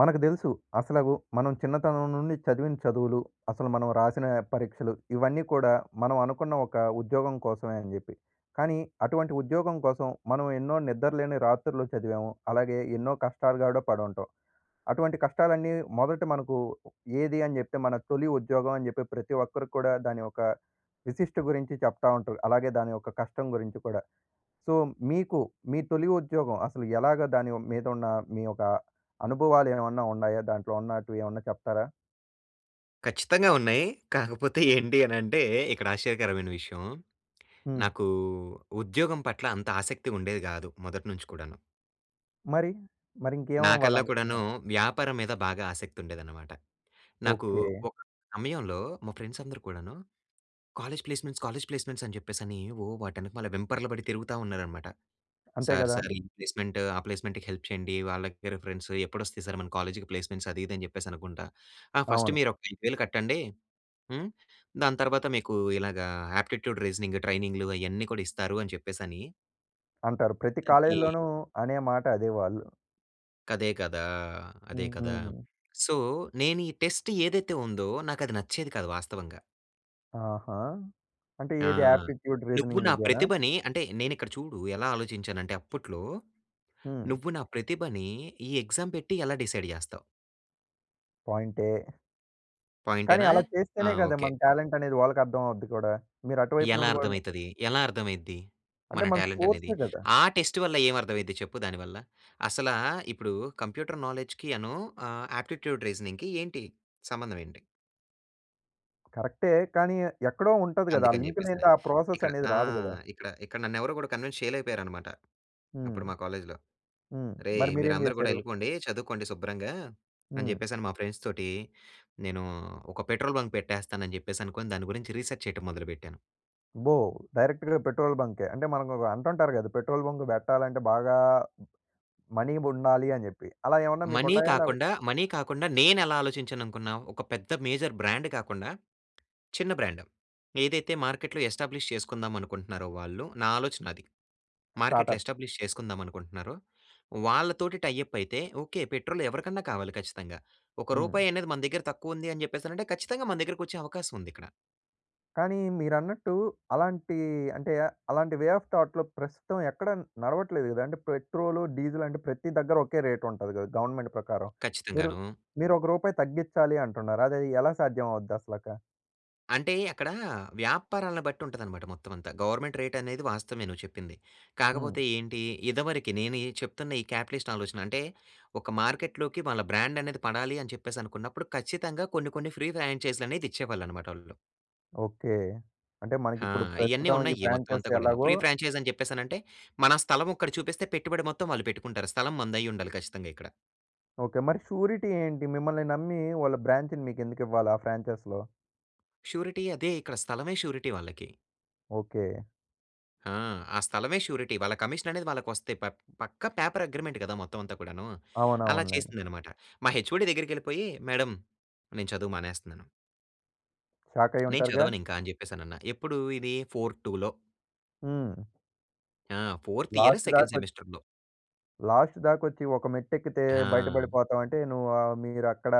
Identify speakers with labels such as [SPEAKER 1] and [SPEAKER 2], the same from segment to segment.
[SPEAKER 1] మనకు తెలుసు. అసలగు మనం చిన్నతనం నుండి చదివిన చదువులు, అసలు మనం రాసిన పరీక్షలు, ఇవన్నీ కూడా మనం అనుకున్న ఒక ఉద్యోగం కోసమే అని చెప్పి. కానీ, అటువంటి ఉద్యోగం కోసం, మనం ఎన్నో నిద్రలేని రాత్రులు చదివాము. అలాగే ఎన్నో కష్టాలు గూడ పడి ఉంటాం. అటువంటి కష్టాలన్నీ మొదట మనకు ఏది అని చెప్తే, మన తొలి ఉద్యోగం అని చెప్పి ప్రతి ఒక్కరు కూడా దాని యొక్క విశిష్ట గురించి చెప్తా ఉంటారు. అలాగే దాని యొక్క కష్టం గురించి కూడా. సో, మీకు, మీ తొలి ఉద్యోగం అసలు ఎలాగా దాని మీద ఉన్న మీ యొక్క అనుభవాలు ఏమన్నా ఉన్నాయా? దాంట్లో ఉన్నటివి ఏమన్నా చెప్తారా?
[SPEAKER 2] ఖచ్చితంగా ఉన్నాయి. కాకపోతే ఏంటీ అనంటే, ఇక్కడ ఆశ్చర్యకరమైన విషయం.
[SPEAKER 1] హ్మ్.
[SPEAKER 2] నాకు ఉద్యోగం పట్ల అంత ఆసక్తి ఉండేది కాదు. మొదటి నుంచి కూడాను.
[SPEAKER 1] మరి, మరి ఇంకేం
[SPEAKER 2] నాకల్లా కూడాను,
[SPEAKER 1] అవ్వాలనుకున్నారు?
[SPEAKER 2] వ్యాపారం మీద బాగా ఆసక్తి ఉండేదనమాట. నాకు
[SPEAKER 1] ఓకే.
[SPEAKER 2] ఒక సమయంలో మా ఫ్రెండ్స్ అందరూ కూడాను, "కాలేజ్ ప్లేస్మెంట్స్, కాలేజ్ ప్లేస్మెంట్స్ అని చెప్పేసి అని ఓ వాటి వెనకమాల వెంపర్లు పడి తిరుగుతా" ఉన్నారనమాట.
[SPEAKER 1] అంతే
[SPEAKER 2] "సర్,
[SPEAKER 1] కదా!
[SPEAKER 2] సర్ ఈ ప్లేస్మెంట్, ఆ ప్లేస్మెంట్‌కి హెల్ప్ చేయండి. వాళ్ళకి రిఫరెన్స్ ఎప్పుడు వస్తాయి సర్ మన కాలేజ్‌కి ప్లేస్మెంట్స్" అది, ఇది అని చెప్పేసి అనుకుంటా. ఆ "ఫస్ట్
[SPEAKER 1] అవును.
[SPEAKER 2] మీరు ఒక 5000 కట్టండి. హ్మ్. దాని తర్వాత మీకు ఇలాగా ఆప్టిట్యూడ్, రీజనింగ్ ట్రైనింగ్‌లు అయన్నీ కూడా ఇస్తారు" అని చెప్పేసి అని
[SPEAKER 1] అంటారు. ప్రతి కాలేజ్‌
[SPEAKER 2] తగ్గేయి.
[SPEAKER 1] లోను అనే మాట అదే వాళ్ళు.
[SPEAKER 2] కదే కదా అదే కదా!
[SPEAKER 1] హుహు.
[SPEAKER 2] సో, నేని టెస్ట్ ఏదైతే ఉందో నాకది నచ్చేది కాదు వాస్తవంగా.
[SPEAKER 1] ఆహా! అంటే
[SPEAKER 2] ఆ!
[SPEAKER 1] ఏది ఆప్టిట్యూడ్
[SPEAKER 2] నువ్వు
[SPEAKER 1] రీజనింగ్‌
[SPEAKER 2] నా
[SPEAKER 1] ఇదేనా?
[SPEAKER 2] ప్రతిభని అంటే నేనిక్కడ చూడు ఎలా ఆలోచించానంటే అప్పట్లో
[SPEAKER 1] హ్మ్.
[SPEAKER 2] నువ్వు నా ప్రతిభని ఈ ఎగ్జామ్ పెట్టి ఎలా డిసైడ్ జేస్తావు?
[SPEAKER 1] పాయింటే. కానీ
[SPEAKER 2] పాయింటేనా?
[SPEAKER 1] అలా
[SPEAKER 2] ఆ!
[SPEAKER 1] చేస్తేనే గదా
[SPEAKER 2] ఓకే.
[SPEAKER 1] మన టాలెంట్ అనేది వాళ్ళకి అర్థం అవుద్ది కూడా. మీరు అటువైపు
[SPEAKER 2] ఎలా
[SPEAKER 1] నుండి కూడా
[SPEAKER 2] అర్థమైతది? ఎలా అర్థమైద్ది?
[SPEAKER 1] అంటే
[SPEAKER 2] మన
[SPEAKER 1] మన
[SPEAKER 2] టాలెంట్ అనేది.
[SPEAKER 1] స్కోర్సే గదా!
[SPEAKER 2] ఆ టెస్ట్ వల్ల ఏమి అర్థమైది చెప్పు దానివల్ల? అసలా ఇప్పుడు కంప్యూటర్ నాలెడ్జ్‌కి అను ఆహ్, ఆప్టిట్యూడ్ రీజనింగ్‌కి ఏంటి సంబంధం ఏంటి?
[SPEAKER 1] కరెక్టే. కానీ ఎక్కడో ఉంటది గదా! ఆ
[SPEAKER 2] అందుకని
[SPEAKER 1] లింక్
[SPEAKER 2] చెప్పేస‌ని.
[SPEAKER 1] లేని‌దే ఆ ప్రాసెస్
[SPEAKER 2] ఇక్కడ
[SPEAKER 1] అనేది
[SPEAKER 2] ఆ!
[SPEAKER 1] రాదు గదా!
[SPEAKER 2] ఇక్కడ, ఇక్కడ నన్ను ఎవరూ కూడా కన్విన్స్ చేయలేపోయారన్నమాట
[SPEAKER 1] హ్మ్.
[SPEAKER 2] అప్పుడు మా కాలేజ్‌లో.
[SPEAKER 1] హ్మ్.
[SPEAKER 2] "అరేయ్
[SPEAKER 1] మరి మీరేం
[SPEAKER 2] మీరందరూ కూడా
[SPEAKER 1] చేసారు?
[SPEAKER 2] వెళ్ళిపోండి చదువుకోండి శుభ్రంగా" అని
[SPEAKER 1] హ్మ్.
[SPEAKER 2] చెప్పేసని మా ఫ్రెండ్స్ తోటి నేను ఒక పెట్రోల్ బంక్ పెట్టేస్తానని చెప్పేసి అనుకోని దాని గురించి రిసర్చ్ చేయటం మొదలుపెట్టాను.
[SPEAKER 1] అబ్బో! డైరెక్ట్‌గా పెట్రోల్ బం‌కే. అంటే మనకు‌క అంటుంటారు గదా! పెట్రోల్ బంక్ పెట్టాలంటే బాగా మనీ ఉండాలి అని చెప్పి. అలా ఏమన్నా మీకు
[SPEAKER 2] మనీ
[SPEAKER 1] ఉన్నాయా? లేపో
[SPEAKER 2] కాకుండా, మనీ కాకుండా నేనెలా ఆలోచించాను అనుకున్నా‌వు. ఒక పెద్ద మేజర్ బ్రాండ్ కాకుండా చిన్న బ్రాండ్ ఏదైతే మార్కెట్‌లో ఎస్టాబ్లిష్ చేసుకుందాం అనుకుంటున్నారో వాళ్ళు నా ఆలోచన అది. మార్కెట్‌లో
[SPEAKER 1] స్టార్ట్‌అప్.
[SPEAKER 2] ఎస్టాబ్లిష్ చేసుకుందాం అనుకుంటున్నారో, వాళ్ళతోటి టై అప్ అయితే ఓకే పెట్రోల్ ఎవరికన్నా కావాలి ఖచ్చితంగా. ఒక
[SPEAKER 1] హ్మ్.
[SPEAKER 2] రూపాయి అనేది మన దగ్గర తక్కువ ఉంది అని చెప్పేసి అని అంటే ఖచ్చితంగా మన దగ్గరకి వచ్చే అవకాశం ఉంది ఇక్కడ.
[SPEAKER 1] కానీ మీరన్నట్టు అలాంటి అంటే ఆహ్, అలాంటి వే ఆఫ్ థాట్‌లో ప్రస్తుతం ఎక్కడ నడవట్లేదు గదా! అంటే పెట్రోలు, డీజిలు అంటే ప్రతి దగ్గర ఒకే రేట్ ఉంటది గదా! గవర్నమెంట్ ప్రకారం. మీరు
[SPEAKER 2] ఖచ్చితంగానూ.
[SPEAKER 1] మీరు ఒక రూపాయి తగ్గిచ్చాలి అంటున్నారు. అది ఎలా సాధ్యం అవుద్ది అసలక?
[SPEAKER 2] అంటే అక్కడా వ్యాపారాలను బట్టి ఉంటదన్నమాట మొత్తం అంతా. గవర్నమెంట్ రేట్ అనేది వాస్తవమే నువ్వు చెప్పింది.
[SPEAKER 1] హ్మ్.
[SPEAKER 2] కాకపోతే ఏంటి? ఇదివరకి నేను ఈ చెప్తున్న ఈ క్యాపిటలిస్ట్ ఆలోచన. అంటే ఒక మార్కెట్‌లోకి వాళ్ళ బ్రాండ్ అనేది పడాలి అని చెప్పేసి అనుకున్నప్పుడు ఖచ్చితంగా కొన్ని, కొన్ని ఫ్రీ ఫ్రాంచైజ్‌లనేది ఇచ్చేవాళ్ళు అన్నమాట వాళ్ళు.
[SPEAKER 1] ఓకె. అంటే మనకి
[SPEAKER 2] ఆ!
[SPEAKER 1] ఇప్పుడు
[SPEAKER 2] ఇయన్నీ
[SPEAKER 1] ప్రస్తుతం ఈ
[SPEAKER 2] ఉన్నాయి మొత్తం
[SPEAKER 1] ఫ్రాంచైజ్
[SPEAKER 2] అంతా కూడాను.
[SPEAKER 1] ఎలాగో
[SPEAKER 2] ఫ్రీ ఫ్రాంచైజ్ అని చెప్పేసనంటే, మన స్థలం ఒక్కటి చూపిస్తే పెట్టుబడి మొత్తం వాళ్ళు పెట్టుకుంటారు. స్థలం మనదైయుండాలి ఖచ్చితంగా ఇక్కడ.
[SPEAKER 1] ఓకే. మరి షూరిటీ ఏంటి? మిమ్మల్ని నమ్మి వాళ్ళ బ్రాంచ్‌ని మీకెందుకివ్వాలి ఆ ఫ్రాంచైజ్‌లో?
[SPEAKER 2] షూరిటీ అదే ఇక్కడ. స్థలమే షూరిటీ వాళ్ళకి.
[SPEAKER 1] ఓకె.
[SPEAKER 2] ఆ! ఆ స్థలమే షూరిటీ వాళ్ళ కమిషన్ అనేది వాళ్ళకొస్తాయి. ప పక్కా పేపర్ అగ్రీమెంట్ కదా! మొత్తం అంతా కూడాను. అలా
[SPEAKER 1] అవునవునులేండి.
[SPEAKER 2] చేసిందన్నమాట. మా హెచ్‌ఓడీ దగ్గరికి వెళ్ళిపోయి. మేడం నేను చదువు మానేస్తున్నాను. నేను
[SPEAKER 1] షాకయ్యుంటారుగా.
[SPEAKER 2] చదవనింకా అని చెప్పేసనన్నా. ఎప్పుడు ఇది ఫోర్ టూలో.
[SPEAKER 1] హ్మ్.
[SPEAKER 2] ఆ! ఫోర్త్ ఇయర్
[SPEAKER 1] లాస్ట్ దాక
[SPEAKER 2] సెకండ్
[SPEAKER 1] కొ
[SPEAKER 2] సెమిస్టర్‌లో.
[SPEAKER 1] లాస్ట్ దాకా వచ్చి ఒక మెట్టు ఎక్కితే బయట
[SPEAKER 2] ఆ!
[SPEAKER 1] పడిపోతాం అంటే నువ్వు ఆహ్, మీరక్కడ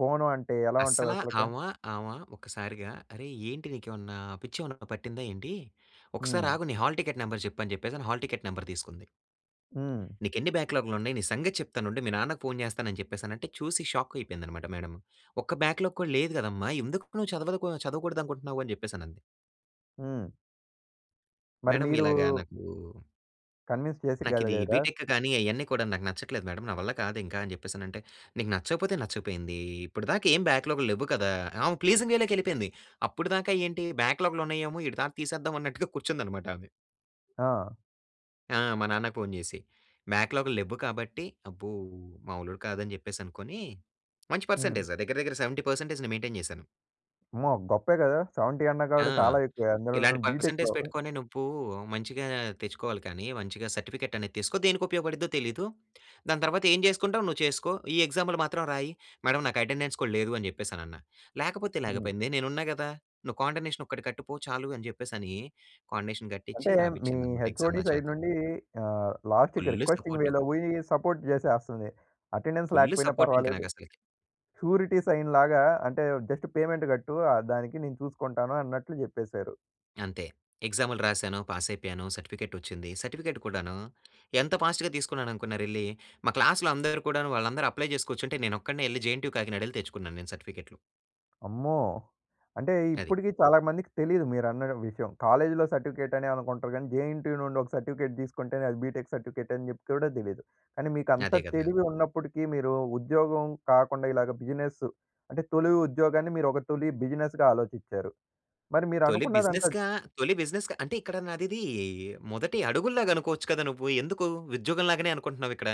[SPEAKER 1] పోను అంటే ఎలా ఉంటది
[SPEAKER 2] అస్సలా
[SPEAKER 1] అసలక?
[SPEAKER 2] ఆమ, ఆమ ఒక్కసారిగా "అరే! ఏంటి నీకేమన్నా పిచ్చేమన్నా పట్టిందా ఏంటి? ఒక్కసారి
[SPEAKER 1] హ్మ్.
[SPEAKER 2] ఆగు, నీ హాల్ టిక్కెట్ నెంబర్ చెప్పు" అని చెప్పేసని హల్ టిక్కెట్ నెంబర్ తీసుకుంది.
[SPEAKER 1] హ్మ్.
[SPEAKER 2] "నీకెన్ని బ్యాక్‌లాగ్‌లు ఉన్నాయి. నీ సంగతి చెప్తానుండు మీ నాన్నకు ఫోన్ చేస్తాను" అని చెప్పేసనంటే చూసి షాక్ అయిపోయింది అన్నమాట మేడం. "ఒక్క బ్యాక్‌లాగ్‌ కూడా లేదు కదమ్మా! ఎందుకు నువ్వు చదవదుకు చదవకూడదనుకుంటున్నావు?" అని చెప్పేసనంది.
[SPEAKER 1] హ్మ్. మరి
[SPEAKER 2] మేడం
[SPEAKER 1] మీరు
[SPEAKER 2] ఇలాగా నాకు
[SPEAKER 1] కన్విన్స్ చేసి
[SPEAKER 2] నాకిది
[SPEAKER 1] గలిగరా?
[SPEAKER 2] బీటెక్ గాని అయన్ని కూడా నాకు నచ్చట్లేదు మేడం. నా వల్ల కాదు ఇంక అని చెప్పేసనంటే, "నీకు నచ్చకపోతే నచ్చకపోయింది. ఇప్పటి దాకా ఏం బాక్‌లాగ్‌లు లెవ్వు కదా!" ఆమె ప్లీజింగ్ వే‌లోకి వెళ్ళిపోయింది. అప్పటి దాకా ఏంటి? బాక్‌లాగ్‌లు ఉన్నాయేమో, ఈడి తాట తీసేద్దాం అన్నట్టుగా కూర్చుంది అన్నమాట ఆమె.
[SPEAKER 1] ఆ!
[SPEAKER 2] ఆ! మా నాన్నకి ఫోన్ చేసి. బాక్‌లాగ్‌లు లెవ్వు కాబట్టి, అబ్బో! మామూలోడు కాదని చెప్పేసనుకోని మంచి
[SPEAKER 1] హ్మ్.
[SPEAKER 2] పర్సెంటేజ్ దగ్గర, దగ్గర 70%ని మైంటైన్ చేశాను.
[SPEAKER 1] అమ్మో! గొప్పే గదా! 70
[SPEAKER 2] ఆ!
[SPEAKER 1] అన్నకాడ చాలా ఎక్కువే, అందులోను
[SPEAKER 2] "ఇలాంటి పర్సెంటేజ్
[SPEAKER 1] బీటెక్‌లో.
[SPEAKER 2] పెట్టుకొని నువ్వు మంచిగా తెచ్చుకోవాలి కానీ, మంచిగా సర్టిఫికెట్ అనేది తీసుకో దేనికి ఉపయోగపడుద్దో తెలీదు. దాని తర్వాత ఏం చేసుకుంటావో నువ్వు చేసుకో. ఈ ఎగ్జాములు మాత్రం రాయి." మేడం నాకు అటెండెన్స్ కూడా లేదు అని చెప్పేసని అన్నా. "లేకపోతే
[SPEAKER 1] హ్మ్.
[SPEAKER 2] లేకపోయింది. నేను ఉన్నా కదా! నువ్వు కాండోనేషన్ ఒక్కటి కట్టుపో చాలు" అని చెప్పేసని, కాండోనేషన్ కట్టిచ్చి,
[SPEAKER 1] అంటే, మీ
[SPEAKER 2] రాపించింది అన్నమాట ఎగ్జామ్
[SPEAKER 1] హెచ్ఓడి
[SPEAKER 2] నా
[SPEAKER 1] సైడ్
[SPEAKER 2] చేత.
[SPEAKER 1] నుండి ఆహ్, లాస్ట్‌కి
[SPEAKER 2] ఫుల్లు
[SPEAKER 1] రిక్వెస్టింగ్
[SPEAKER 2] సపోర్టూ!
[SPEAKER 1] వేలో పోయి సపోర్ట్ చేసేస్తుంది. అటెండెన్స్
[SPEAKER 2] ఫుల్లు
[SPEAKER 1] లేకపోయినా
[SPEAKER 2] సపోర్ట్ ఇంక
[SPEAKER 1] పర్వాలేదు.
[SPEAKER 2] నాకసలకి.
[SPEAKER 1] షూరిటీ సైన్‌లాగా అంటే జస్ట్ పేమెంట్ కట్టు ఆహ్, దానికి నేను చూసుకుంటాను అన్నట్లు చెప్పేశారు.
[SPEAKER 2] అంతే. ఎగ్సామ్‌లు రాశాను. పాస్ అయిపోయాను. సర్టిఫికేట్ వచ్చింది. సర్టిఫికేట్ కూడాను ఎంత ఫాస్ట్‌గా తీసుకున్నాననుకున్నారెళ్లి? మా క్లాస్‌లో అందరూ కూడాను వాళ్ళందరూ అప్లై చేసి కూర్చుంటే నేనొక్కడినే యెళ్లి జేఎన్‌టీయూ కాకినాడ యెళ్లి తెచ్చుకున్నాను నేను సర్టిఫికేట్‌లు.
[SPEAKER 1] అమ్మో! అంటే
[SPEAKER 2] అది.
[SPEAKER 1] ఇప్పుటికి చాలా మందికి తెలీదు మీరన్న డ విషయం. కాలేజ్‌లో సర్టిఫికేట్ అని అనుకుంటారు. కానీ జేఎన్‌టీయూ నుండి ఒక సర్టిఫికేట్ తీసుకుంటేనే అది బీటెక్ సర్టిఫికేట్ అని జెప్తే గూడా తెలీదు. కానీ మీకు అంత
[SPEAKER 2] అదే గదా!
[SPEAKER 1] తెలివి ఉన్నప్పటికీ మీరు ఉద్యోగం కాకుండా ఇలాగా బిజినెస్ అంటే, తొలి ఉద్యోగాన్ని మీరు ఒక తొలి బిజినెస్‌గా ఆలోచిచ్చారు. మరి మీరు
[SPEAKER 2] తొలి
[SPEAKER 1] అనుకున్నదంతా
[SPEAKER 2] బిజినెస్‌గా తొలి బిజినెస్‌గా అంటే ఇక్కడ నాదిది మొదటి అడుగుల్లాగనుకోవచ్చు కదా! నువ్వు. ఎందుకు ఉద్యోగం‌లాగానే అనుకుంటున్నావిక్కడ?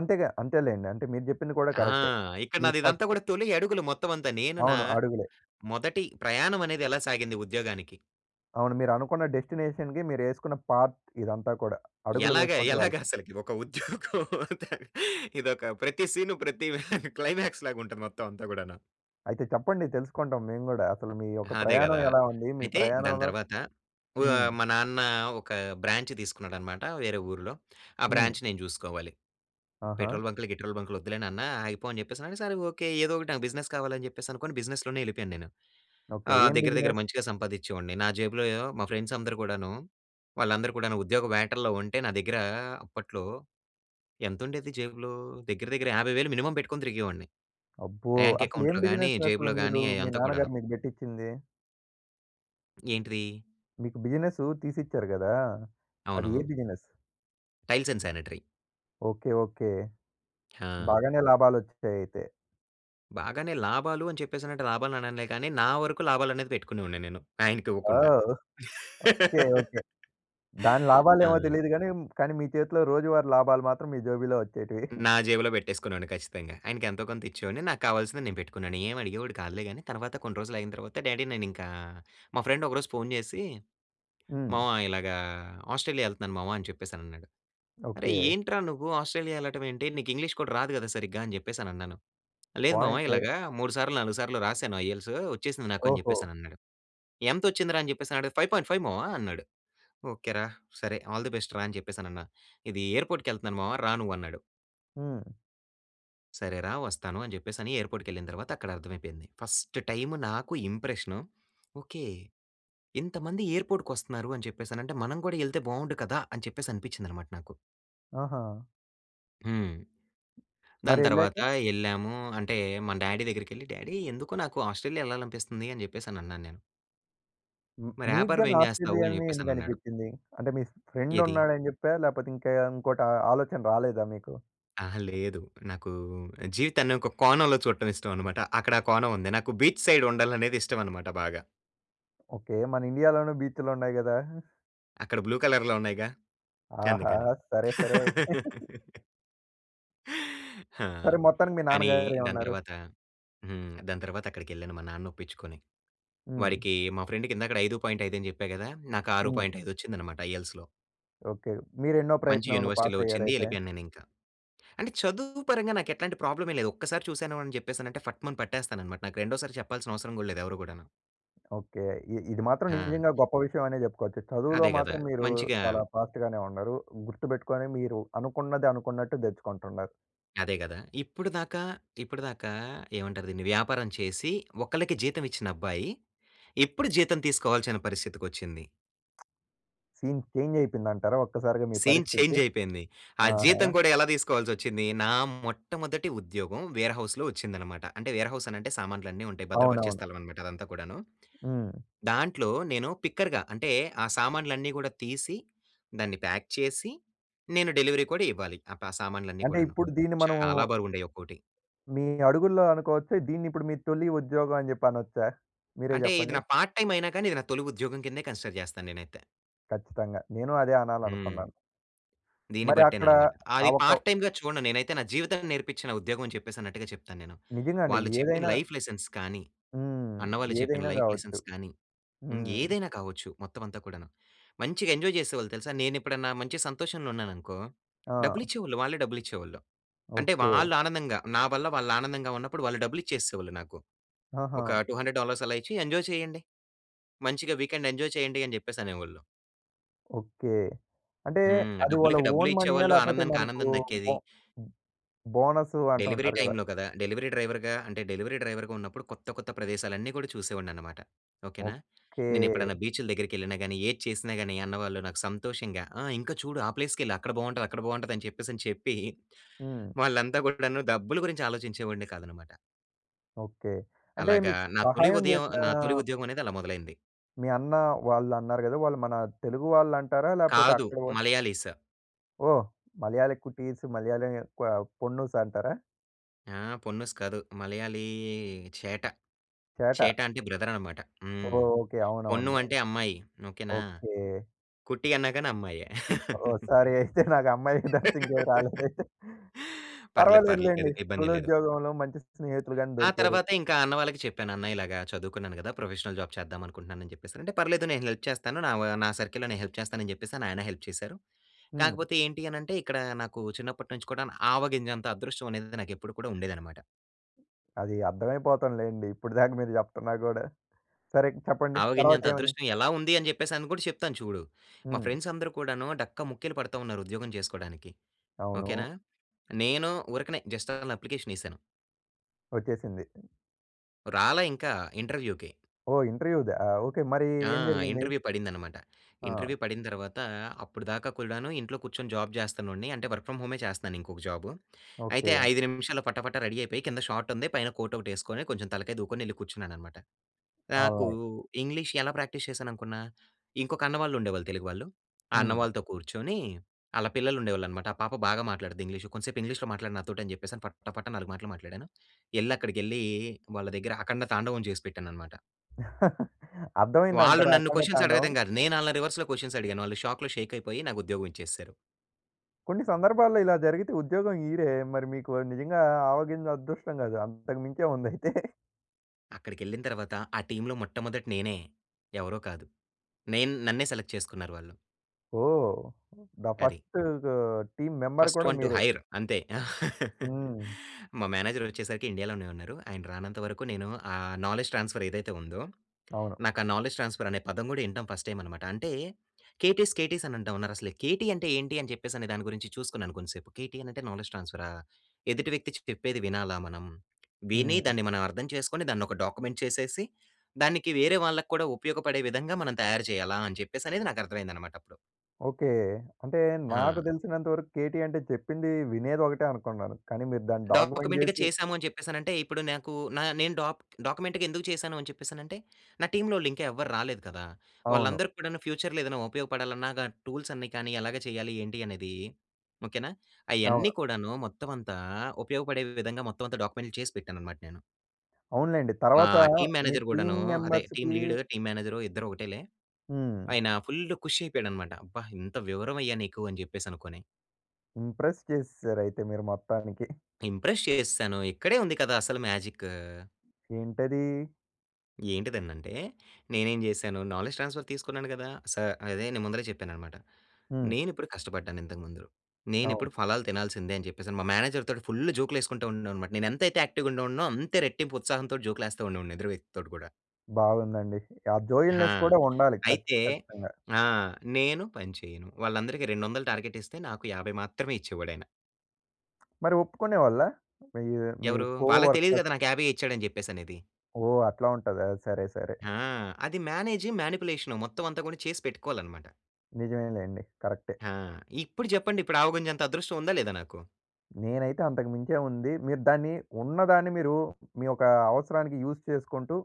[SPEAKER 1] అంతేగా! అంతేలెండి. అంటే మీరు జెప్పింది కూడా
[SPEAKER 2] ఆ!
[SPEAKER 1] కరెక్టే.
[SPEAKER 2] ఇక్కడ
[SPEAKER 1] మీ
[SPEAKER 2] నాది ఇదంతా
[SPEAKER 1] ఫస్ట్
[SPEAKER 2] గూడా, తొలి అడుగులు. మొత్తం అంతా నేను నా
[SPEAKER 1] అవును. అడుగులే.
[SPEAKER 2] మొదటి ప్రయాణం అనేది ఎలా సాగింది ఉద్యోగానికి?
[SPEAKER 1] అవును. మీరనుకున్న డెస్టినేషన్‌కి మీరేసుకున్న పాత్ ఇదంతా కూడా. అడుగులు
[SPEAKER 2] ఎలాగా?
[SPEAKER 1] వేసుకుంటూ
[SPEAKER 2] ఎలాగా
[SPEAKER 1] వెళ్తం.
[SPEAKER 2] అసలుకి! ఒక ఉద్యోగం. ఇదొక ప్రతి సీన్ ప్రతి క్లైమాక్స్‌లాగా ఉంటది. మొత్తం అంతా గూడాను.
[SPEAKER 1] అయితే చెప్పండి తెలుసుకుంటాం మేము గూడా? అసలు మీ
[SPEAKER 2] ఆ!
[SPEAKER 1] యొక్క
[SPEAKER 2] అదే
[SPEAKER 1] ప్రయాణం
[SPEAKER 2] గదా!
[SPEAKER 1] ఎలా ఉంది? మీ
[SPEAKER 2] అయితే దాని
[SPEAKER 1] ప్రయాణంలో
[SPEAKER 2] తర్వాత
[SPEAKER 1] హ్మ్.
[SPEAKER 2] ఓహ్! మా నాన్న ఒక బ్రాంచ్ తీసుకున్నాడనమాట వేరే ఊరిలో. ఆ
[SPEAKER 1] హ్మ్.
[SPEAKER 2] బ్రాంచ్ నేను జూసుకోవాలి.
[SPEAKER 1] ఆహా!
[SPEAKER 2] "పెట్రోల్ బంకులు, గిట్రోల్ బంకులు వద్దులే నాన్న ఆగిపో" అని చెప్పేసి అన్నాడు. సరే ఓకే. ఏదో ఒకటి నాకు బిజినెస్ కావాలి అని చెప్పేసనుకోని బిజినెస్‌లోనే వెళ్ళిపోయాను నేను.
[SPEAKER 1] ఓకే.
[SPEAKER 2] ఆహ్,
[SPEAKER 1] ఏం
[SPEAKER 2] దగ్గర, దగ్గర
[SPEAKER 1] బిజినెస్?
[SPEAKER 2] మంచిగా సంపాదిచ్చేవాడిని. నా జేబులో మా ఫ్రెండ్స్ అందరూ గూడాను, వాళ్ళందరూ కూడాను ఉద్యోగ వేటల్లో ఉంటే నా దగ్గర అప్పట్లో ఎంతుండేది జేబులో? దగ్గర, దగ్గర 50,000 మినిమమ్ పెట్టుకొని తిరిగేవాడిని.
[SPEAKER 1] అబ్బో!
[SPEAKER 2] బ్యాంక్
[SPEAKER 1] అసలు ఏం
[SPEAKER 2] అకౌంట్‌లో గాని,
[SPEAKER 1] బిజినెస్ అసలు
[SPEAKER 2] జేబులో గాని
[SPEAKER 1] మీరు మీ
[SPEAKER 2] అయ్యంతా కూడాను.
[SPEAKER 1] నాన్నగారు మీకు పెట్టిచ్చింది?
[SPEAKER 2] ఏంటిది?
[SPEAKER 1] మీకు బిజినెస్ తీసిచ్చారు కదా! అది ఏ
[SPEAKER 2] అవును.
[SPEAKER 1] Business?
[SPEAKER 2] Tiles and sanitary.
[SPEAKER 1] Okay. Okay.
[SPEAKER 2] ఆ!
[SPEAKER 1] బాగానే లాభాలు ఒచ్చీసేయి అయితే.
[SPEAKER 2] బాగానే లాభాలు అని చెప్పేసి అన్నట్టు లాభాలు అననులే కానీ, నా వరకు లాభాలు అనేది పెట్టుకునేవాడిని. నేను ఆయనకివ్వకుండా.
[SPEAKER 1] ఓహ్! ఓకె. ఓకె. దాని
[SPEAKER 2] ఆ!
[SPEAKER 1] లాభాలేమో తెలీదు గాని, కానీ, మీ చేతిలో రోజువారీ లాభాలు మాత్రం మీ జేబులో వచ్చేటివి.
[SPEAKER 2] నా జేబులో పెట్టేసుకునేవాడిని ఖచ్చితంగా. ఆయనకు ఎంతో కొంత ఇచ్చేవాడిని. నాకు కావాల్సింది నేను పెట్టుకునేవాడిని. ఏమి అడిగేవాడు కాదులే. కానీ తర్వాత కొన్ని రోజులు అయిన తర్వాత, డ్యాడీ! నేనింకా మా ఫ్రెండ్ ఒకరోజు ఫోన్ చేసి,
[SPEAKER 1] హ్మ్.
[SPEAKER 2] "మామ !ఇలాగా ఆస్ట్రేలియా వెళ్తున్నాను మామ" అని చెప్పేసి అని అన్నాడు. "అరేయ్!
[SPEAKER 1] ఓకె.
[SPEAKER 2] ఏంట్రా నువ్వు ఆస్ట్రేలియా వెళ్ళడం ఏంటి? నీకు ఇంగ్లీష్ కూడా రాదు కదా! సరిగ్గా" అని చెప్పేసని అన్నాను. "లేదు మామ!
[SPEAKER 1] పాయింటే.
[SPEAKER 2] ఇలాగా మూడు సార్లు, నాలుగు సార్లు రాశాను ఐఈ‌ఎల్‌టీయెస్ వచ్చేసింది నాకు" అని
[SPEAKER 1] ఓహో!
[SPEAKER 2] చెప్పేసనన్నాడు. ఎంత వచ్చిందిరా అని చెప్పేసి అడుగితే, "5.5" మామ" అన్నాడు. "ఓకె రా! సరే, ఆల్ దీ బెస్ట్ రా!" అని చెప్పేసనన్నా. ఇది ఎయిర్‌పోర్ట్‌కకెళ్తన్నాను మామ రా నువ్వు అన్నాడు.
[SPEAKER 1] హ్మ్.
[SPEAKER 2] "సరే రా! వస్తాను" అని చెప్పేసి అని ఎయిర్‌పోర్ట్‌కెళ్ళిన తర్వాత అక్కడ అర్థమైపోయింది. ఫస్ట్ టైమ్ నాకు ఇంప్రెషన్. ఓకె. ఇంతమంది ఎయిర్‌పోర్ట్‌కొస్తున్నారు అని చెప్పేసి అనంటే, "మనం కూడా ఎళ్తే బాగుండు కదా!" అని చెప్పేసి అనిపించిందన్నమాట నాకు.
[SPEAKER 1] ఆహా!
[SPEAKER 2] హ్మ్. దాని తర్వాత
[SPEAKER 1] మరెళ్ళాక?
[SPEAKER 2] యెళ్ళాము. అంటే మన డ్యాడీ దగ్గరికెళ్లి, "డ్యాడీ ఎందుకో నాకు ఆస్ట్రేలియా యెళ్ళాలనిపిస్తుందీ" అని జెప్పేసని అన్నాను నేను.
[SPEAKER 1] మ్
[SPEAKER 2] "మరి
[SPEAKER 1] మీకు
[SPEAKER 2] యాపారం
[SPEAKER 1] గాని
[SPEAKER 2] ఏం జేస్తావు?"
[SPEAKER 1] ఆస్ట్రేలియా
[SPEAKER 2] అని
[SPEAKER 1] అనే
[SPEAKER 2] జెప్పేసనన్నాడు.
[SPEAKER 1] ఎందుగనిపిచ్చింది. అంటే మీ స్
[SPEAKER 2] ఏది?
[SPEAKER 1] ఫ్రెండున్నాడని జెప్పా? లేపోతే ఇంక ఇంకోటి ఆలోచన రాలేదా మీకు?
[SPEAKER 2] అహా! లేదు. నాకూ జీవితాన్ని ఒక కోణంలో చూడటం ఇష్టమనమాట. అక్కడా కోణం ఉంది. నాకు బీచ్ సైడ్ ఉండాలనేది ఇష్టమనమాట బాగా.
[SPEAKER 1] ఓకె. మన ఇండియా లోను బీచ్‌లున్నాయి గదా!
[SPEAKER 2] అక్కడ బ్లూ కలర్‌లో ఉన్నాయిగా.
[SPEAKER 1] ఆహా!
[SPEAKER 2] అందుకని.
[SPEAKER 1] సరే, సరే. అయి
[SPEAKER 2] ఆ!
[SPEAKER 1] సరే! మొత్తానికి మీ
[SPEAKER 2] కానీ దాని
[SPEAKER 1] నాన్నగారేమన్నారు?
[SPEAKER 2] తర్వాత హ్మ్. దాని తర్వాత అక్కడికెళ్ళాను మా నాన్ననొప్పిచ్చుకొని.
[SPEAKER 1] హ్మ్.
[SPEAKER 2] వాడికీ మా ఫ్రెండ్‌కి ఇందాకడ 5.5 అని జెప్పా గదా! నాకు ఆరూ
[SPEAKER 1] హ్మ్.
[SPEAKER 2] పాయింట్ ఐదు వచ్చిందనమాట ఐఎల్స్‌లో.
[SPEAKER 1] ఓకె. మీరు ఎన్నో
[SPEAKER 2] మంచి
[SPEAKER 1] ప్రయత్నం‌లో
[SPEAKER 2] యూనివర్సిటీలో వచ్చింది.
[SPEAKER 1] పాసయ్యారయితే?
[SPEAKER 2] యెళ్ళిపోయాను నేనింకా. అంటే చదువు పరంగా నాకెట్లాంటి ప్రాబ్లమే లేదు. ఒక్కసారి చూసాను అని జెప్పేసానంటే, ఫట్ మని పట్టేస్తాననమాట. నాకు రెండోసారి చెప్పాల్సినవసరం గూడా లేదు ఎవరు గూడాను.
[SPEAKER 1] ఓకె. ఇ ఇది మాత్రం
[SPEAKER 2] ఆ!
[SPEAKER 1] నిజంగా గొప్ప విషయమనే జెప్పుకోచ్చు. చదువులో
[SPEAKER 2] అదే గదా!
[SPEAKER 1] మాత్రం మీరూ
[SPEAKER 2] మంచిగా
[SPEAKER 1] చాలా ఫాస్ట్‌గానే ఉన్నరూ. గుర్తుబెట్టుకొని మీరు అనుకున్నది అనుకున్నట్టు దెచ్చుకుంటున్నారు.
[SPEAKER 2] అదే గదా! ఇప్పుడు దాకా, ఇప్పడిదాకా ఏమంటారు దీన్ని వ్యాపారం చేసి, ఒకళ్ళకి జీతం ఇచ్చిన అబ్బాయి ఇప్పుడు జీతం తీసుకోవాల్సిన పరిస్థితికొచ్చింది.
[SPEAKER 1] Scene change అయిపోయిందంటారా? ఒక్కసారిగా మీ
[SPEAKER 2] సీన్
[SPEAKER 1] పరిస్థితి.
[SPEAKER 2] చేంజ్ అయిపోయింది. ఆ
[SPEAKER 1] ఆహా!
[SPEAKER 2] జీతం కూడా ఎలా తీసుకోవాల్సొచ్చింది? నా మొట్టమొదటి ఉద్యోగం వేర్ హౌస్‌లో వచ్చిందన్నమాట. అంటే వేర్ హౌస్ అని అంటే సామాన్లన్నీ ఉంటాయి. భద్రపరిచే
[SPEAKER 1] అవునవును.
[SPEAKER 2] స్థలం అన్నమాట అదంతా కూడాను.
[SPEAKER 1] హ్మ్.
[SPEAKER 2] దాంట్లో నేను పిక్కర్‌గా అంటే ఆ సామాన్లన్నీ గూడా తీసి దాన్ని ప్యాక్ చేసి నేను డెలివరీ కూడా ఇవ్వాలి. ఆ! ప సామాన్లన్నీ
[SPEAKER 1] అంటే
[SPEAKER 2] కూడాను.
[SPEAKER 1] ఇప్పుడు దీన్ని మనము
[SPEAKER 2] చాలా బరువుండేయి ఒక్కోటి.
[SPEAKER 1] మీ అడుగుల్లో అనుకోవచ్చా? దీన్ని ఇప్పుడు మీ తొలి ఉద్యోగం అని జెప్పి అనొచ్చా మీరే
[SPEAKER 2] అంటే ఇది
[SPEAKER 1] జెప్పండి?
[SPEAKER 2] నా పార్ట్‌టైం అయినా కానీ, ఇది నా తొలి ఉద్యోగం కిందే కన్సిడర్ చేస్తాను నేనైతే.
[SPEAKER 1] ఖచ్చితంగా! నేనూ అదే
[SPEAKER 2] హ్మ్.
[SPEAKER 1] అనాలనుకున్నాను.
[SPEAKER 2] దీన్ని
[SPEAKER 1] మరి అక్కడ
[SPEAKER 2] బట్టేననమాట.
[SPEAKER 1] ఆ
[SPEAKER 2] అది
[SPEAKER 1] ఒక
[SPEAKER 2] పార్ట్‌ టైమ్‌గా చూడను. నేనైతే నా జీవితాన్ని నేర్పించిన ఉద్యోగం అని చెప్పేసి అన్నట్టుగా చెప్తాను నేను.
[SPEAKER 1] నిజంగా అండి.
[SPEAKER 2] వాళ్ళు చెప్పిన
[SPEAKER 1] ఏదైనా
[SPEAKER 2] లైఫ్ లెసన్స్ కానీ,
[SPEAKER 1] హ్మ్.
[SPEAKER 2] అన్న వాళ్ళు చెప్పిన
[SPEAKER 1] ఏదైనా
[SPEAKER 2] లైఫ్
[SPEAKER 1] గావచ్చు.
[SPEAKER 2] లెసన్స్ కానీ
[SPEAKER 1] హ్మ్.
[SPEAKER 2] ఇంగేదైనా కావచ్చు మొత్తం అంతా కూడాను. మంచిగా ఎంజాయ్ చేసేవాళ్ళు తెలుసా? నేనెప్పుడన్నా మంచి సంతోషంలో ఉన్నాననుకో
[SPEAKER 1] ఆ!
[SPEAKER 2] డబ్బులిచ్చేవాళ్ళు. వాళ్ళే డబ్బులిచ్చేవాళ్ళు. అంటే
[SPEAKER 1] ఓకే.
[SPEAKER 2] వాళ్ళు ఆనందంగా, నా వల్ల వాళ్ళు ఆనందంగా ఉన్నప్పుడు వాళ్ళు డబ్బులిచ్చేసేసేవాళ్ళు నాకు. ఒక
[SPEAKER 1] ఆహా!
[SPEAKER 2] 200 డాలర్స్ అలా ఇచ్చి ఎంజాయ్ చేయండి. మంచిగా వీకెండ్ ఎంజాయ్ చేయండి అని జెప్పేసి అనేవాళ్ళు.
[SPEAKER 1] ఓకె. అంటే
[SPEAKER 2] హ్మ్.
[SPEAKER 1] అది వాళ్ళ
[SPEAKER 2] డబ్బులకి డబ్బులె
[SPEAKER 1] ఓన్ మనీయా?
[SPEAKER 2] ఇచ్చేవాళ్ళు,
[SPEAKER 1] లేపోతే
[SPEAKER 2] ఆనందానికి
[SPEAKER 1] మనకు
[SPEAKER 2] ఆనందం దక్కేది.
[SPEAKER 1] బో హ్మ్. బోనస్
[SPEAKER 2] డెలివరీ
[SPEAKER 1] అంటుంటారు గదా!
[SPEAKER 2] టైమ్‌లో గదా! డెలివరీ డ్రైవర్‌గా అంటే డెలివరీ డ్రైవర్‌గా ఉన్నప్పుడు కొత్త, కొత్త ప్రదేశాలన్నీ గూడా చూసేవాడిని అన్నమాట. ఓకే‌నా!
[SPEAKER 1] ఓకె.
[SPEAKER 2] నేనెప్పుడన్నా బీచ్‌లు దగ్గరికి ఎళ్ళినా గానీ, ఏది చేసినా గాని అన్నవాళ్ళు నాకు సంతోషంగా "ఆ! ఇంకా చూడు ఆ ప్లేస్‌కెళ్ళు అక్కడ బాగుంటది అక్కడ బాగుంటది." అని చెప్పేసి అని చెప్పి
[SPEAKER 1] హ్మ్.
[SPEAKER 2] వాళ్ళంతా గూడాను డబ్బులు గురించి ఆలోచించేవాడినె కాదన్నమాట.
[SPEAKER 1] ఓకె. అంటే
[SPEAKER 2] అలాగా
[SPEAKER 1] మీకు
[SPEAKER 2] నా తొలి
[SPEAKER 1] సహాయం
[SPEAKER 2] ఉదయం
[SPEAKER 1] జెసినా
[SPEAKER 2] నా తొలి ఉద్యోగం అనేది అలా మొదలైంది.
[SPEAKER 1] మీ అన్న వాళ్ళు అన్నారు గదా! వాళ్ళు మన తెలుగు వాళ్ళు అంటారా? లేపోతే
[SPEAKER 2] కాదు
[SPEAKER 1] అక్కడ వ
[SPEAKER 2] మలయాళీ‌స్.
[SPEAKER 1] ఓహ్! మలయా‌ళి కుటీస్, మలయాళం ఎక్కువ పొన్నూస్ అంటారా?
[SPEAKER 2] ఆ! పొన్నుస్ కాదు. మలయాళీ చేట. చేట
[SPEAKER 1] చేట.
[SPEAKER 2] అంటే బ్రదర్ అనమాట.
[SPEAKER 1] ఓహ్!
[SPEAKER 2] హ్మ్.
[SPEAKER 1] ఓకె.
[SPEAKER 2] పొన్ను
[SPEAKER 1] అవునవును‌లే.
[SPEAKER 2] అంటే అమ్మాయి. ఓకే‌నా!
[SPEAKER 1] ఓకె.
[SPEAKER 2] కుట్టి అన్నాగాని అమ్మాయే.
[SPEAKER 1] ఓహ్! సారీ అయితే నాకు అమ్మాయి తాపితే ఇంకేది రాలేదు అయితే.
[SPEAKER 2] పర్లేదు, పర్లేదు.
[SPEAKER 1] పర్వాలేదులెండి.
[SPEAKER 2] ఇబ్బం‌దేం
[SPEAKER 1] తొలి
[SPEAKER 2] లేదు.
[SPEAKER 1] ఉద్యోగంలో మంచి స్నేహితులు గాని
[SPEAKER 2] ఆ!
[SPEAKER 1] దొరికారు.
[SPEAKER 2] తర్వాత ఇంకా అన్న వాళ్ళకి చెప్పాను. "అన్న ఇలాగ చదువుకున్నాను గదా! ప్రొఫెషనల్ జాబ్ చేద్దాం అనుకుంటున్నాను." అని జెప్పేసి అని అంటే. పర్లేదు నేను హెల్ప్ చేస్తాను నా‌వ నా సర్కిల్‌లో నేను హెల్ప్ చేస్తాను. అని జెప్పే‌స‌ని ఆయన హెల్ప్ చేసారు.
[SPEAKER 1] హ్మ్.
[SPEAKER 2] కాకపోతే ఏంటి అనంటే ఇక్కడ నాకు చిన్నప్పటినుంచి కూడా‌ను, ఆవగింజంత అదృష్టం అనేది నాకు ఎప్పుడు కూడా ఉండేది అన్నమాట.
[SPEAKER 1] అది అర్థంమైపోతుందిలెండి. ఇప్పుడి దాక మీరు జెప్తున్నా గూడా సరే చెప్పండి. తర్వాత
[SPEAKER 2] ఆవగింజంత
[SPEAKER 1] ఏమైంది?
[SPEAKER 2] అదృష్టం ఎలా ఉంది? అని జెప్పేసని గూడా చెప్తాను చూడు. మా
[SPEAKER 1] హ్మ్.
[SPEAKER 2] ఫ్రెండ్స్ అందరూ కూడాను డక్కా ముక్కీలు పడుతాఉన్నారు ఉద్యోగం చేసుకోడానికి. ఓకే‌నా!
[SPEAKER 1] అవును.
[SPEAKER 2] నేను ఊరకనే జస్ట్ అలా అప్లికేషనేశాను.
[SPEAKER 1] వచ్చేసింది.
[SPEAKER 2] రాలా ఇంకా ఇంటర్వ్యూకి.
[SPEAKER 1] ఓహ్! ఇంటర్వ్యూదా ఆ! ఓకే. మరి
[SPEAKER 2] ఆ!
[SPEAKER 1] ఏం జరిగింది?
[SPEAKER 2] ఇంటర్వ్యూ పడిందనమాట.
[SPEAKER 1] ఆ!
[SPEAKER 2] ఇంటర్వ్యూ పడిన తర్వాత అప్పుడిదాకా కూడాను ఇంట్లో కూర్చొని జాబ్ జేస్తున్నోడిని అంటే వర్క్ ఫ్రమ్ హోమే చేస్తున్నాను ఇంకొక జాబు. అయితే
[SPEAKER 1] ఓకే.
[SPEAKER 2] 5 నిమిషాల్లో పటా పటా రెడీ అయిపోయి కింద షార్ట్ ఉంది పైన కోట్ ఒకటి వేసుకొని కొంచెం తలకాయి దువ్వుకొని యెళ్ళి కూర్చున్నానన్నమాట. నాకు
[SPEAKER 1] ఆన్లైన్.
[SPEAKER 2] ఇంగ్లీష్ ఎలా ప్రాక్టీస్ చేశాననుకున్నా? ఇంకొక అన్న వాళ్ళు ఉండేవాళ్ళు తెలుగు వాళ్ళు. ఆ అన్న
[SPEAKER 1] హ్మ్.
[SPEAKER 2] వాళ్ళతో కూర్చొని ఆళ్ళ పిల్లలు ఉండేవాళ్ళనమాట. ఆ పాప బాగా మాట్లాడుద్ది ఇంగ్లీషు. కొంసేపు ఇంగ్లీష్‌లో మాట్లాడు నాతోటి అని చెప్పేసని పట్టా పట్టా నాలుగు మాటలు మాట్లాడాను. యెళ్లి అక్కడికెళ్లి వాళ్ళ దగ్గర అఖండ తాండవం జేసి పెట్టానన్నమాట. వాళ్ళు
[SPEAKER 1] అర్థమయిందంటారా
[SPEAKER 2] నన్ను
[SPEAKER 1] అఖండ
[SPEAKER 2] క్వషన్స్
[SPEAKER 1] తాండవం?
[SPEAKER 2] అడగతం కాదు. నేనాళ్ళని రివర్స్‌లో క్వషన్ అడిగాను. వాళ్ళు షాక్‌లో షేక్ అయిపోయి నాకు ఉద్యోగం ఇచ్చేసారు.
[SPEAKER 1] కొన్ని సందర్భాల్లో ఇలా జరిగితే ఉద్యోగం ఇయ్యరే? మరి మీకు నిజంగా ఆవగింజ అదృష్టం కాదు. అంతకు మించే ఉందయితే.
[SPEAKER 2] అక్కడికెళ్ళిన తర్వాత ఆ టీమ్‌లో మొట్టమొదటి నేనే ఎవరో కాదు. నేను నన్నే సెలెక్ట్ చేసుకున్నారు వాళ్ళు.
[SPEAKER 1] ఓహ్! ద
[SPEAKER 2] అది.
[SPEAKER 1] ఫస్ట్ గ టీం మెంబర్
[SPEAKER 2] ఫస్ట్
[SPEAKER 1] కూడా
[SPEAKER 2] వన్ టు
[SPEAKER 1] మీరే.
[SPEAKER 2] హైర్ అంతే!
[SPEAKER 1] హ్మ్.
[SPEAKER 2] మా మేనేజర్ వచ్చేసరికి ఇండియాలోనే ఉన్నారు. ఆయన రానంత వరకు నేను ఆ నాలెడ్జ్ ట్రాన్స్ఫర్ ఏదైతే ఉందో,
[SPEAKER 1] అవును.
[SPEAKER 2] నాకు ఆ నాలెడ్జ్ ట్రాన్స్ఫర్ అనే పదం గూడా వినటం ఫస్ట్ టైమ్ అనమాట. అంటే కేటీస్ కేటీస్ అని అంటా ఉన్నారసలు కేటీ అంటే ఏంటి? అని చెప్పేసని దాని గురించి చూసుకున్నాను కొంతసేపు. కేటీ అంటే నాలెడ్జ్ ట్రాన్స్ఫరా! ఎదుటి వ్యక్తి చెప్పేది వినాలా మనం. విని
[SPEAKER 1] హ్మ్.
[SPEAKER 2] దాన్ని మనం అర్థం చేసుకొని దాన్ని ఒక డాక్యుమెంట్ చేసేసి, దానికి వేరే వాళ్ళక్కూడా ఉపయోగపడే విధంగా మనం తయారు చేయాలా అని చెప్పేసి అనేది నాకు అర్థం అయిందనమాటప్పుడు.
[SPEAKER 1] ఓకే. అంటే నాకు
[SPEAKER 2] ఆ!
[SPEAKER 1] తెలిసినంత వరకు కేటీ అంటే చెప్పింది వినేదొకటే అనుకున్నాను. కానీ మీరు దాన్ని డాక్యుమెంట్
[SPEAKER 2] డాక్యుమెంట్‌గా
[SPEAKER 1] జేసి
[SPEAKER 2] చేసాము అని చెప్పేసనంటే ఇప్పుడు నాకు నా నేను డాక్ డాక్యుమెంట్‌గా ఎందుకు చేశాను? అని చెప్పేసననంటే నా టీమ్‌లోళ్ళు ఇంకా ఎవ్వరు రాలేదు కదా!
[SPEAKER 1] అవును.
[SPEAKER 2] వాళ్ళందరికి కూడాను ఫ్యూచర్‌లో ఏదైనా ఉపయోగపడాలన్న గ టూల్స్ అన్ని కానీ ఎలాగ చేయాలి? ఏంటి? అనేది ఓకెనా! అయన్నీ
[SPEAKER 1] అవును.
[SPEAKER 2] కూడాను మొత్తం అంతా ఉపయోగపడే విధంగా మొత్తం అంతా డాక్యుమెంట్‌లు చేసి పెట్టాననమాట నేను.
[SPEAKER 1] అవునులెండి.
[SPEAKER 2] మా
[SPEAKER 1] తర్వాత
[SPEAKER 2] టీం
[SPEAKER 1] మీ
[SPEAKER 2] మేనేజర్
[SPEAKER 1] టీం
[SPEAKER 2] గూడాను అదే టీం
[SPEAKER 1] మెంబర్స్‌కి
[SPEAKER 2] లీడర్, టీం మేనేజరు ఇద్దరు ఒకటేలే.
[SPEAKER 1] హ్మ్.
[SPEAKER 2] ఆయన ఫుల్లు ఖుషి అయిపోయాడనమాట. అబ్బా! ఎంత వివరమయ్యా నీకు అని జెప్పేసనుకొని.
[SPEAKER 1] ఇంప్రెస్ చేసేసారు అయితే మీరు మొత్తానికి.
[SPEAKER 2] ఇంప్రెస్ చేసేశాను. ఇక్కడే ఉంది కదా! అసలు మ్యాజిక్.
[SPEAKER 1] ఏంటది?
[SPEAKER 2] ఏంటిదనంటే, నేనేం చేశాను? నాలెడ్జ్ ట్రాన్స్‌ఫర్ తీసుకున్నాను కదా! స అదే నేను ముందలే చెప్పాను అన్నమాట.
[SPEAKER 1] హ్మ్.
[SPEAKER 2] నేను ఇప్పుడు కష్టపడ్డాను ఇంతకు ముందు. నేను
[SPEAKER 1] అవును.
[SPEAKER 2] ఇప్పుడు ఫలాలు తినాల్సిందే అని చెప్పేసి, అని మా మేనేజర్ తోటి ఫుల్ జోక్‌లు వేసుకుంటూ ఉండే వాణ్ని అన్నమాట. నేను ఎంతైతే యాక్టివ్‌గా ఉండేవాడినో, అంతే రెట్టింపు ఉత్సాహంతో జోక్‌లు వేస్తూ ఉండేవాడిని ఎదురు వ్యక్తి తోటి కూడా.
[SPEAKER 1] బాగుందండి. ఆ
[SPEAKER 2] ఆ!
[SPEAKER 1] జోయల్నెస్ కూడా ఉండాలి. కచ్
[SPEAKER 2] అయితే
[SPEAKER 1] ఖచ్చితంగా.
[SPEAKER 2] ఆ! నేను పని చేయను. వాళ్ళందరికి, 200 టార్గెట్ ఇస్తే, నాకు 50 మాత్రమే ఇచ్చేవాడు ఆయన.
[SPEAKER 1] మరి ఒప్పుకునేవాళ్ళ? ఇ మీ
[SPEAKER 2] ఎవరు? వాళ్ళకి తెలీదు
[SPEAKER 1] కోవర్కర్స్?
[SPEAKER 2] కదా! నాకు యాభైయ్యే ఇచ్చాడు అని చెప్పేసి అనేది.
[SPEAKER 1] ఓహ్! అట్లా ఉంటదా? సరే, సరే.
[SPEAKER 2] ఆ! అది మేనేజ్, మానిప్యులేషన్ మొత్తం అంతా కూడా చేసి పెట్టుకోవాలి అన్నమాట.
[SPEAKER 1] నిజమేలెండి, కరెక్టే.
[SPEAKER 2] ఆ! ఇప్పుడు చెప్పండి. ఇప్పుడు ఆవు గుంజ అంత అదృష్టం ఉందా లేదా నాకు?
[SPEAKER 1] నేనైతే అంతకు మించే ఉంది. మీరు దాన్ని, ఉన్నదాన్ని మీరు మీ యొక్క అవసరానికి యూజ్ చేసుకుంటూ,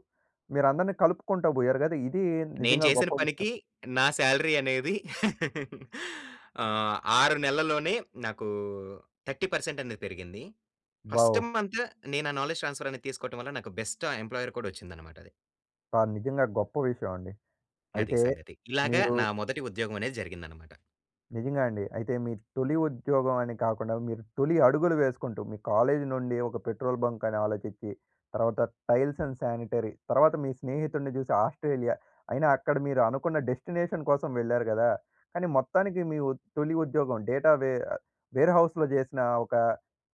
[SPEAKER 1] మీరందరినీ కలుపుకుంటా పోయారు కదా! ఇది
[SPEAKER 2] నేను
[SPEAKER 1] నిజంగా
[SPEAKER 2] చేసిన
[SPEAKER 1] గొప్ప విషయం.
[SPEAKER 2] పనికి, నా సాలరీ అనేది ఆహ్, 6 నెల్లలోనే నాకు, 30% అనేది పెరిగింది. ఫస్ట్
[SPEAKER 1] బావ్
[SPEAKER 2] మంత్, నేను ఆ నాలెడ్జ్ ట్రాన్స్ఫర్ అనేది తీసుకోవటం వల్ల నాకు బెస్ట్ ఆ ఎంప్లాయర్ కూడా వచ్చింది అన్నమాట అది.
[SPEAKER 1] కాద్ నిజంగా గొప్ప విషయమండి.
[SPEAKER 2] అది
[SPEAKER 1] అయితే,
[SPEAKER 2] సంగతి. ఇలాగ
[SPEAKER 1] మీరు
[SPEAKER 2] నా మొదటి ఉద్యోగం అనేది జరిగిందన్నమాట.
[SPEAKER 1] నిజంగా అండి. అయితే మీ తొలి ఉద్యోగం అని కాకుండా, మీరు తొలి అడుగులు వేసుకుంటూ, మీ కాలేజీ నుండి ఒక పెట్రోల్ బంక్ అని ఆలోచిచ్చి, తర్వాత టైల్స్ అండ్ శానిటరీ తర్వాత మీ స్నేహితుడిని చూసి ఆస్ట్రేలియా. అయినా అక్కడ మీరు అనుకున్న డెస్టినేషన్ కోసం వెళ్లారు కదా! కానీ మొత్తానికి మీ ఉ తొలి ఉద్యోగం డేటా వే ఆహ్, వేర్‌హౌస్‌లో చేసినా ఒక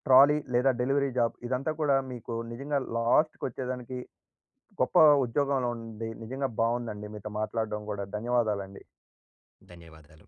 [SPEAKER 1] ట్రాలీ లేదా డెలివరీ జాబ్ ఇదంతా కూడా మీకు నిజంగా లాస్ట్‌కి వచ్చేదానికి, గొప్ప ఉద్యోగంలో ఉండి, నిజంగా బాగుందండి మీతో మాట్లాడడం కూడా. ధన్యవాదాలండి.
[SPEAKER 2] ధన్యవాదాలు.